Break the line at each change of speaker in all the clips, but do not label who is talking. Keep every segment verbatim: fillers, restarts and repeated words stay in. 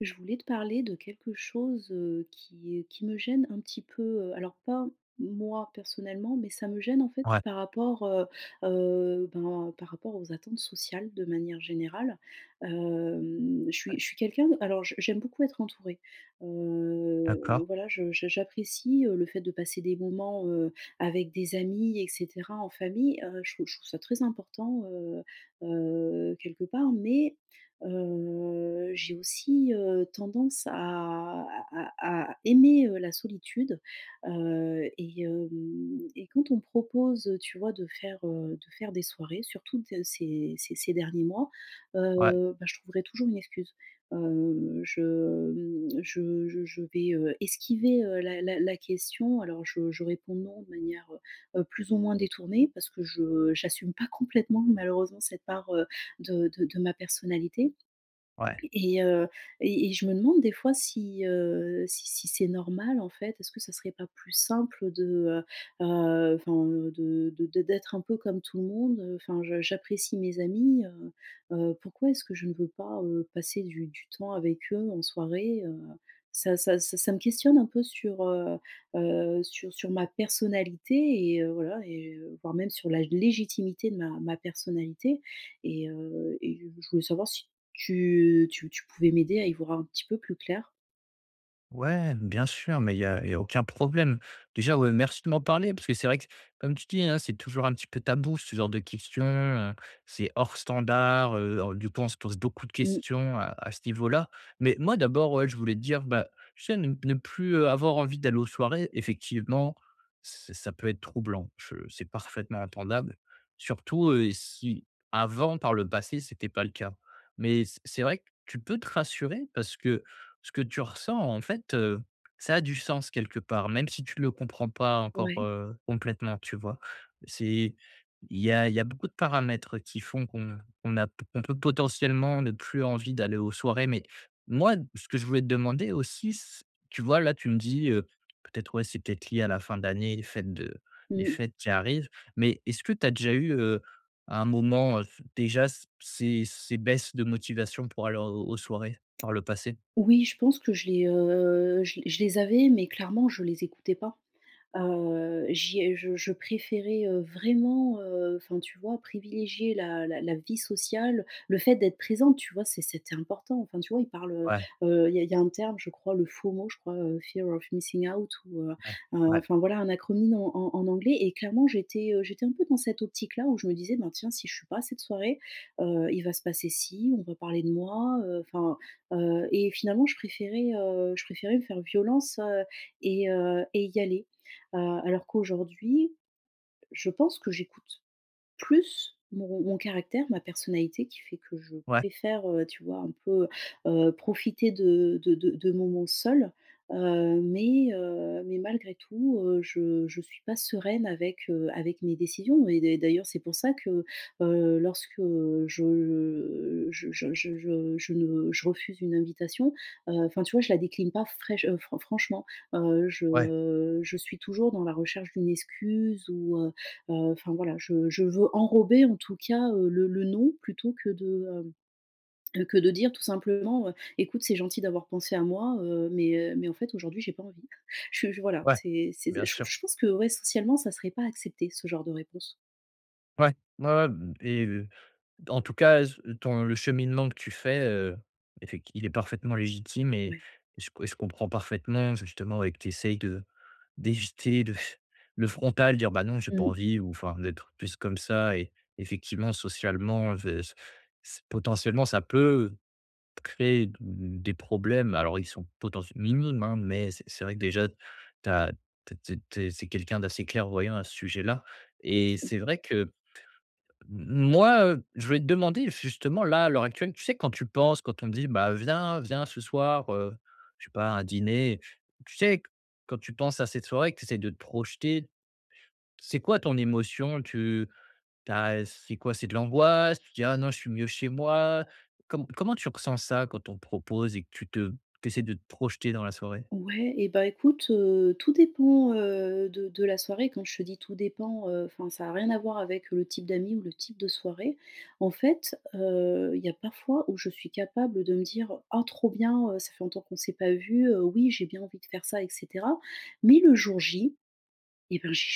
Je voulais te parler de quelque chose, heu, qui et qui me gêne un petit peu, heu. Alors, pas moi, personnellement, mais ça me gêne en fait
Ouais.
par rapport, heu heu, ben par rapport aux attentes sociales, de manière générale. Hem, je suis je suis quelqu'un, alors je j'aime beaucoup être entourée.
D'accord.
Heu, voilà je j'a j'apprécie, heu, le fait de passer des moments, heu, avec des amis et cetera, en famille. Heu, je je trouve ça très important, heu heu, quelque part. Mais heu, j'ai aussi, heu, tendance à à à aimer, heu, la solitude. Heu, et hem, et quand on me propose, heu, tu vois, de faire, heu, de faire des soirées, surtout dans ces ces ces derniers mois,
Ouais.
heu, ben je trouverai toujours une excuse. Heu, je mmh, je je je vais, heu, esquiver, heu, la la la question. Alors je je réponds: «Non» de manière, heu heu, plus ou moins détournée, parce que je j'assume pas complètement malheureusement cette part, heu, de de de ma personnalité.
Ouais.
Et heu, et et je me demande des fois si, heu, si si c'est normal en fait, est-ce que ça serait pas plus simple, de, heu heu, enfin de de d'être un peu comme tout le monde, heu, enfin je j'apprécie mes amis, heu heu. Pourquoi est-ce que je ne veux pas, heu, passer du du temps avec eux en soirée? Heu ça ça c ça me questionne un peu sur, heu heu, sur sur ma personnalité et heu, voilà, et voire même, sur la légitimité de ma ma personnalité. Et heu, et je voulais savoir si tu tu tu pouvais m'aider à y voir un petit peu plus clair?
Ouais, bien sûr, mais il y a il y a aucun problème. Déjà, ouais, merci de m'en parler, parce que c'est vrai, comme tu dis, hein, c'est toujours un petit peu tabou ce genre de questions, heu, c'est hors standard, heu, du coup, on se pose beaucoup de
Mmh.
questions à à ce niveau-là. Mais, moi, d'abord, ouais, je voulais te dire, bah, tu sais ne ne plus, heu, avoir envie d'aller aux soirées, effectivement, c ça peut être troublant. Je c'est parfaitement entendable, surtout, heu, si avant, par le passé, c’était pas le cas. Mais, c’est c'est vrai que tu peux te rassurer, parce que ce que tu ressens, en fait, heu, ça a du sens quelque part, même si tu le comprends pas encore,
Ouais.
heu, complètement, tu vois? C'est il y a il y a beaucoup de paramètres qui font qu'on qu'on a p on peut potentiellement ne plus envie d'aller aux soirées. Mais, moi, ce que je voulais te demander aussi, c tu vois là, tu me dis, heu, peut-être, ouais c'est peut-être lié à la fin d'année, les fêtes de
Mmh
des
mh.
fêtes qui arrivent. Mais, est-ce que tu as déjà eu, heu, à un moment, heu, déjà c ces ces baisses de motivation pour aller, heu, aux soirées, par le passé?
Oui. Je pense que je les, heu, je les je les avais, mais, clairement, je les écoutais pas. Heu, j’y ai je je préférais, heu, vraiment, heu, enfin, tu vois, privilégier la la la vie sociale, le fait d'être présente, tu vois? C'e c’était important, enfin, tu vois, on parle,
Ouais.
heu, heu, il y a il y a un terme, je crois, le FOMO, je crois, heu fear of missing out ou, heu,
Ouais.
heu,
Ouais.
enfin, voilà, un acronyme en en en anglais. Et clairement, j'étais, heu, j'étais un peu dans cette optique là, où je me disais: «Bah, tiens, si je suis pas à cette soirée, heu, il va se passer ci, on va parler de moi», heu, enfin, heu. Et finalement, je préférais, heu, je préférais me faire violence heu et heu et y aller. Heu, alors qu'aujourd'hui, je pense que j'écoute plus mon mon caractère, ma personnalité, qui fait que je
Ouais.
préfère, heu, tu vois, un peu, heu, profiter de de de de moments seule, heu, mais, heu, mais malgré tout, heu, je je suis pas sereine avec, heu, avec mes décisions. Et d’a d'ailleurs, c'est pour ça que, heu, lorsque, heu, je je, heu, je je je je je refuse une invitation, heu, enfin, tu vois, je la décline pas fraich heu, fran franchement. Heu,
Ouais.
je je suis toujours dans la recherche d'une excuse ou, heu, heu, enfin, voilà, je je veux enrober, en tout cas, heu, le le non, plutôt que de, hem, heu que de dire, tout simplement, heu: «Ecoute c'est gentil d'avoir pensé à moi, heu, mais, heu, mais, en fait, aujourd'hui, j’ai pas envie». Je je voilà.
Ouais.
C’est c’est
Bien
je
sûr.
je pense que, ouais, socialement, ça serait pas accepté, ce genre de réponse.
Ouais. Ouais, ouais et heu, d en tout cas c ton le cheminement que tu fais, heu, effec il est parfaitement légitime et
Ouais.
et je com je comprends parfaitement justement et que tu essayes de d'éviter de f le frontal, dire: «Bah non, j'ai pas
Mmh.
envie» ou enfin, d'être plus comme ça. Et, effectivement, socialement v c c potentiellement ça peut créer d des problèmes, alors, ils sont potentiel minimes hein, mais c’est c'est vrai que déjà tu as tu es tu es tu es c’est quelqu'un d'assez clairvoyant à ce sujet-là et
Merci.
c'est vrai que m moi, heu, je vais te demander, justement là, à l'heure actuelle, tu sais, quand tu penses, quand on me dit: «Bah, viens viens ce soir, heu», je sais pas un dîner. Tu sais quand tu penses à cette soirée que tu essaies de te projeter. C'est quoi ton émotion? Tu tu as c'est quoi? C'est de l'angoisse? Tu te dis: «Ah non, je suis mieux chez moi?» Com comment tu ressens ça quand on propose et que tu te t’essaies de te projeter dans la soirée?
Ouais. Et bah, écoute, heu, tout dépend, heu, de de la soirée. Quand je te dis tout dépend, heu, enfin ça a rien à voir avec le type d'amis ou le type de soirée. En fait, heu, il y a parfois, où je suis capable de me dire: «Ah trop bien, heu, ça fait longtemps qu'on s'est pas vu, heu, oui, j'ai bien envie de faire ça et cetera» mais le jour J, et bien, je j'ai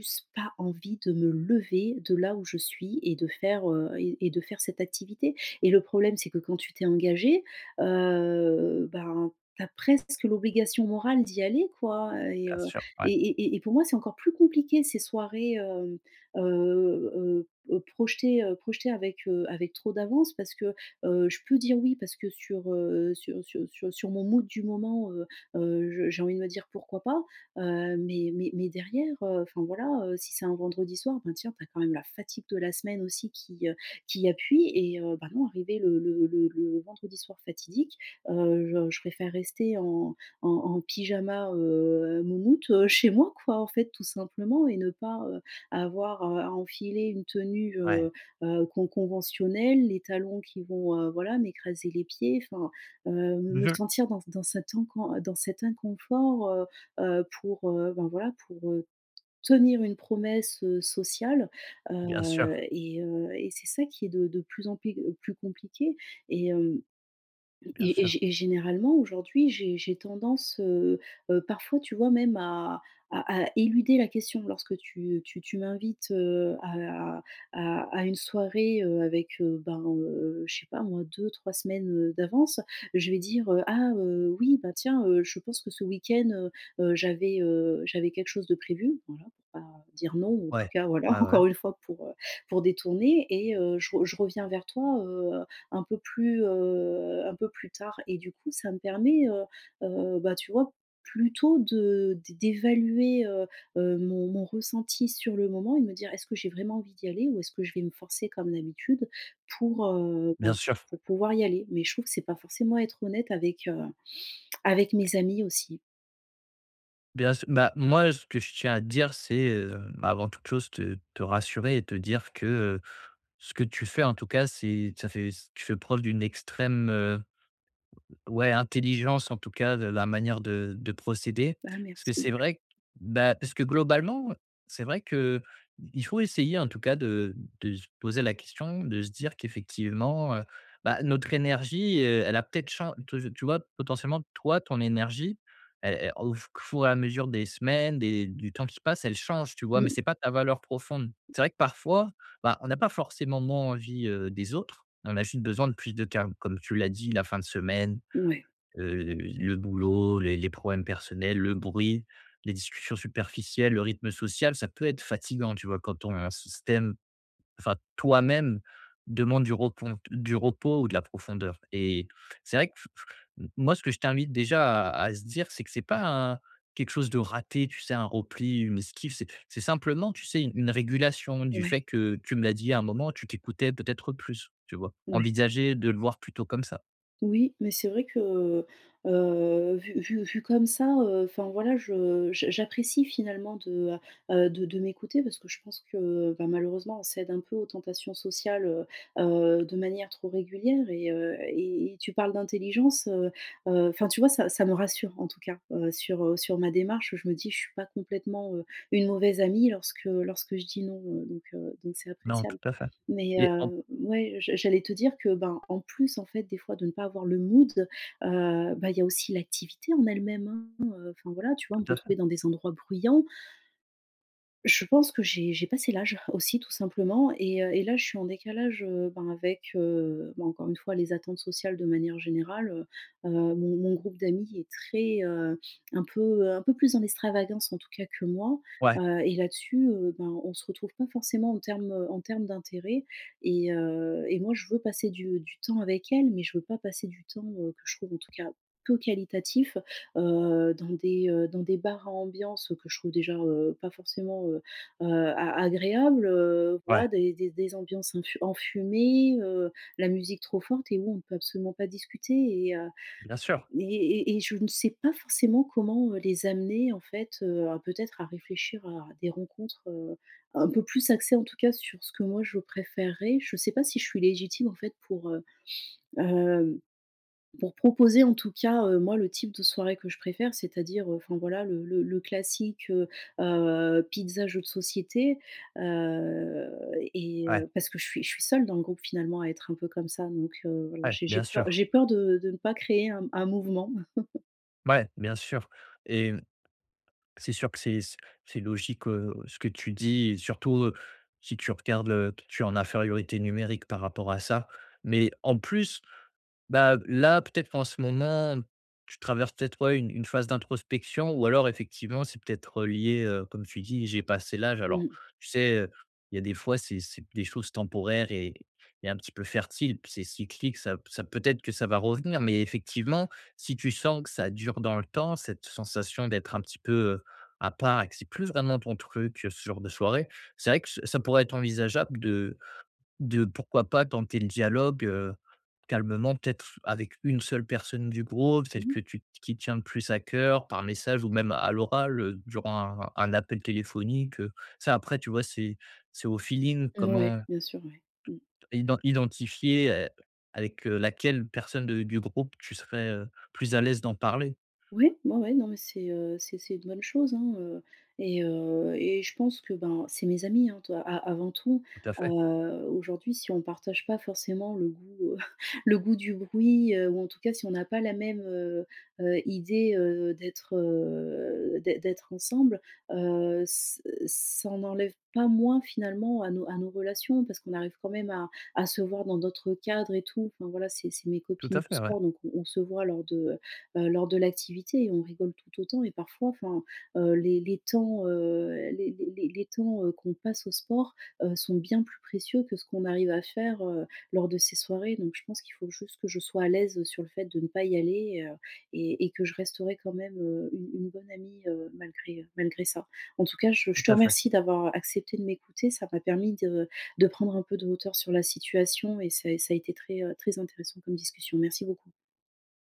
juste pas envie de me lever de là où je suis et de faire, heu et et de faire cette activité. Et, le problème c'est que quand tu t'es engagé, heu, bah, tu as presque l'obligation morale d'y aller quoi et
Bien
heu,
sûr. Ouais.
et et et pour moi, c'est encore plus compliqué ces soirées, hem, heu, heu, heu, projetées, heu, projetées avec, heu, avec trop d'avance, parce que, heu, je peux dire oui parce que sur, heu, sur sur sur sur mon mood du moment, heu, heu, je j'ai envie de me dire pourquoi pas. Heu, mais mais mais derrière, heu, enfin, voilà, heu, si c'est un vendredi soir, ben tiens tu as quand même la fatigue de la semaine aussi qui, heu, qui appuie et heu, bah, moi, arrivé le le le le vendredi soir fatidique, heu, je je préfère rester en en en pyjama, heu, moumoute, heu, chez moi, quoi, en fait, tout simplement, et ne pas, heu, avoir à à enfiler une tenue, heu,
Ouais.
heu, con con conventionnelle, les talons qui vont, heu, voilà, m'écraser les pieds, enfin, heu, me
Bien.
sentir dans c dans cet incon dans cet inconfort, heu, heu, pour, heu, bah, voilà, pour heu, tenir une promesse, heu, sociale.
Bien
Heu
sûr.
et heu et c'est ça qui est de de plus en plus plus compliqué. Et, hem
Bien
et gé et
sûr.
gé et généralement, aujourd'hui, j'ai j'ai tendance, heu, heu parfois, tu vois, même à à à éluder la question lorsque tu, heu, tu tu m'invites, heu, à à à une soirée, heu, avec, heu, ben heu, je sais pas moi deux-trois semaines, heu, d'avance, je vais dire: «Ah, heu, oui, bah, tiens, heu, je pense que ce week-end, heu, heu, j'avais, heu, j'avais quelque chose de prévu», voilà, pour pas dire non, en tout
Ouais.
cas, voilà,
Ouais, ouais.
encore une fois, pour, heu, pour détourner et: «Heu, je re je reviens vers toi, heu, un peu plus, heu, un peu plus tard» et du coup, ça me permet, heu, heu, bah, tu vois, plutôt, de d d'évaluer, heu, heu, mon mon ressenti sur le moment et me dire: «Est-ce que j'ai vraiment envie d'y aller, ou est-ce que je vais me forcer comme d'habitude pour, heu,
Bien
ben
sûr.
pour pouvoir y aller?» mais, je trouve que c'est pas forcément être honnête avec, heu, avec
Oui.
mes amis, aussi.
Bien s bah moi ce que je tiens à te dire, c'est, heu, bah, avant toute chose te te rassurer et te dire que, heu, ce que tu fais en tout cas, c'est ça fait tu fais preuve d'une extrême, heu, ouais intelligence en tout cas de la manière de de procéder.
Ah,
Parce que
merci.
c'est vrai, bah, parce que globalement, heu, c'est vrai qu'il faut essayer en tout cas de de se poser la question, de se dire qu'effectivement, heu, bah, notre énergie, heu, elle a peut-être chan tu tu vois? Potentiellement toi ton énergie, elle elle au qu four et à mesure des semaines des du temps qui passe, elle change, tu vois? Mais
Mmh.
c'est pas ta valeur profonde. C'est vrai que parfois, bah, on n'a pas forcément moins envie, heu, des autres. On a juste besoin de plus de calme. Comme tu l'as dit, la fin de semaine,
Ouais.
heu, le boulot, les les problèmes personnels, le bruit, les discussions superficielles, le rythme social, ça peut être fatigant tu vois? Quand ton système, enfin toi-même, demande du repon, du repos ou de la profondeur. Et c'est vrai, q f f que, moi ce que je t'invite déjà à se dire c'est que c'est pas un quelque chose de raté, tu sais un repli, une esquive, c'est c'est simplement tu sais? Une régulation, du
Ouais.
fait que tu me l'as dit à un moment, tu t'écoutais peut-être plus, tu vois?
Ouais.
Envisager de le voir plutôt comme ça.
Oui, mais c'est vrai que, heu, vu vu vu comme ça, heu, enfin voilà, je j j'apprécie finalement de, heu heu, de de m'écouter parce que je pense que, bah, malheureusement, on cède un peu aux tentations sociales, heu heu, de manière trop régulière et, heu, et et tu parles d'intelligence, heu heu. Enfin, tu vois? Ça ça me rassure en tout cas, heu, sur, heu, sur ma démarche. Je me dis, je suis pas complètement, heu, une mauvaise amie lorsque lorsque je dis: «Non», heu. Donc, heu, donc c'est
Non,
appréciable.
tout à fait.
Mais,
Et en
heu, ouais, je j'allais te dire que, ben, en plus en fait des fois de ne pas avoir le mood, heu, bah, il y a aussi l'activité en elle-même, hein, heu, enfin voilà tu vois? [unintelligible] me
Tout à fait.
retrouver dans des endroits bruyants je pense que j'ai j'ai passé l'âge, aussi tout simplement. Et, heu, et là je suis en décalage, heu, ben, avec, heu, bah, encore une fois les attentes sociales de manière générale, heu heu, mon mon groupe d'amies est très, heu, un peu, heu, un peu plus en extravagance en tout cas que moi.
Ouais.
Heu, et là-dessus, heu, bah, on se retrouve pas forcément en termes, heu, en termes d'intérêt et, heu, et moi je veux passer du du temps avec elles, mais je veux pas passer du temps, heu, que je trouve en tout cas peu qualitatif. Heu, dans des, heu, dans des bars à ambiance, heu, que je trouve déjà, heu, pas forcément, heu heu, a agréables, heu.
Ouais.
Voilà des des des ambiances, infu enfumées, heu, la musique trop forte et où on peut absolument pas discuter. Et, heu,
Bien sûr.
et et et je ne sais pas forcément comment, heu, les amener, en fait, heu, à peut-être à réfléchir à des rencontres, heu, un peu plus axées en tout cas sur ce que moi je préférerais. Je sais pas si je suis légitime en fait pour, heu, hem, pour proposer en tout cas, heu, moi le type de soirée que je préfère c'est-à-dire, heu, enfin voilà le le le classique, heu heu, pizzas jeux de société. Heu, et,
Ouais.
heu, parce que je suis je suis seule dans le groupe finalement à être un peu comme ça, donc, heu, voilà
Ouais.
j'ai j'ai
Bien
peur
sûr.
j'ai peur de de ne pas créer un un mouvement.
Ouais, bien sûr, et mmh. C'est sûr que c'est c'est logique, heu, ce que tu dis, et surtout, heu, si tu regardes le tu es en infériorité numérique par rapport à ça. Mais en plus, bah, là peut-être qu'en ce moment, tu traverses peut-être ouais une une phase d'introspection ou alors effectivement c'est peut-être, heu, lié, heu, comme tu dis: «J'ai passé l'âge.» alors
Mmh.
tu sais? Heu, il y a des fois c'est c'est des choses temporaires et et un petit peu fertiles puis c'est cyclique, ça ça peut être que ça va revenir. Mais effectivement, si tu sens que ça dure dans le temps cette sensation d'être un petit peu, heu, à part, et que c'est plus vraiment ton truc, heu, ce genre de soirées c'est vrai que ça ça pourrait être envisageable de de pourquoi pas tenter le dialogue, heu, calmement peut-être avec une seule personne du groupe, celle
Mmh
que
mh.
tu qui te tient plus à cœur, par message ou même à l'oral, heu, durant un un appel téléphonique, heu. Ça, après tu vois c'est c'est au feeling
Mouais.
comment
Bien sûr ouais. Mmh.
iden identifier, et, avec, heu, laquelle personne de du groupe tu serais, heu, plus à l'aise d'en parler.
Ouais, ouais, ouais. Non mais c'est, heu, c'est-c'est une bonne chose, hein, heu, et, heu, et je pense que ben, c'est mes amies, hein, to a avant tout.
Tout à
Heu,
fait.
aujourd'hui si on partage pas forcément le goût, heu, le goût du bruit, heu, ou en tout cas si on a pas la même, heu heu, idée, heu, d'être, heu, d'ê d'être ensemble, heu, s heu, ç ça en enlève pas moins finalement à nos à nos relations. Parce qu'on arrive quand même à à se voir dans d'autres cadres et tout. Enfin voilà c'est c'est mes
Tout
copines
à
du
fait, ouais.
sport donc on on se voit lors de, heu heu, lors de l'activité et on rigole tout autant. Et parfois enfin, heu, les les temps heu, les les les les temps, heu, qu'on passe au sport, heu, sont bien plus précieux que ce qu'on arrive à faire, heu, lors de ces soirées. Donc je pense qu'il faut juste que je sois à l'aise, heu, sur le fait de ne pas y aller, heu, et et que je resterai quand même, heu, une une bonne amie, heu, malgré, heu, malgré ça. En tout cas, je
Tout
je te
à fait.
remercie d'avoir accepté de m'écouter ça m'a permis de de prendre un peu de hauteur sur la situation et ça a ça a été très, heu, très intéressant comme discussion. Merci beaucoup.